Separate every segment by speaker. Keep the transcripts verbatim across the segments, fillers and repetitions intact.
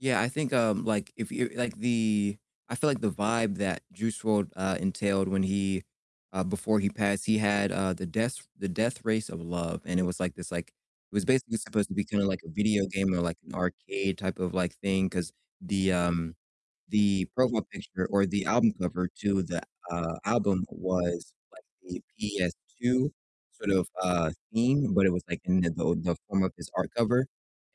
Speaker 1: Yeah, I think, um, like, if you like the I feel like the vibe that Juice WRLD, uh, entailed when he uh before he passed, he had, uh, The Death The Death Race of Love, and it was like this, like it was basically supposed to be kinda like a video game or like an arcade type of, like, thing, 'cause the, um the profile picture or the album cover to the, uh, album was like a PS2 sort of, uh, theme, but it was like in the the the form of his art cover,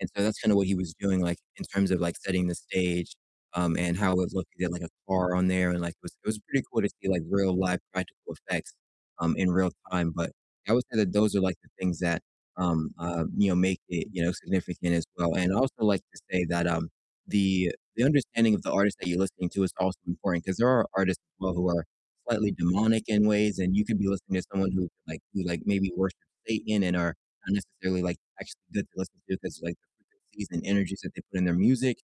Speaker 1: and so that's kinda what he was doing, like, in terms of, like, setting the stage, um, and how it was looking, he had like a car on there and, like, it was it was pretty cool to see, like, real live practical effects, um, in real time, but I would say that those are like the things that, um, uh, you know, make it, you know, significant as well, and I'd also like to say that, um, the the understanding of the artist that you're listening to is also important, 'cause there are artists as well who are slightly demonic in ways, and you could be listening to someone who could like who, like, maybe worship Satan and are not necessarily, like, actually good to listen to because like the frequencies and energies that they put in their music,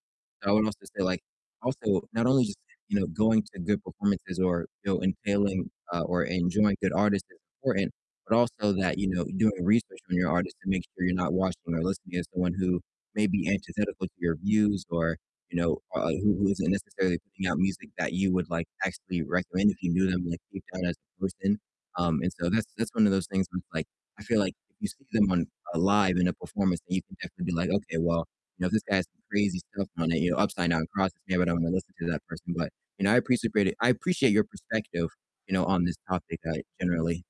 Speaker 1: so I would also say like also not only just, you know, going to good performances or, you know, entailing uh, or enjoying good artists is important, but also that, you know, doing research on your artist to make sure you're not watching or listening to someone who may be antithetical to your views or, you know, u uh, who who isn't necessarily putting out music that you would, like, actually recommend if you knew them, like, deep down as a person, um, and so that's that's one of those things where it's like I feel like if you see them on, uh live in a performance, then you can definitely be like, "Okay, well, you know, this guy has some crazy stuff on it, you know, upside down crosses, maybe I don't wanna listen to that person," but, you know, I apprecipate it I appreciate your perspective, you know, on this topic, uh, generally.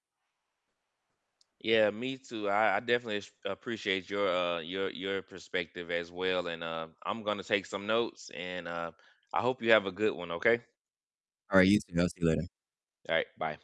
Speaker 2: Yeah, me too, I I definitely as appreciate your, uh your your perspective as well, and, uh, I'm gonna take some notes and, uh, I hope you have a good one, okay?
Speaker 1: Alright, you too, I'll see you later.
Speaker 2: Alright, bye.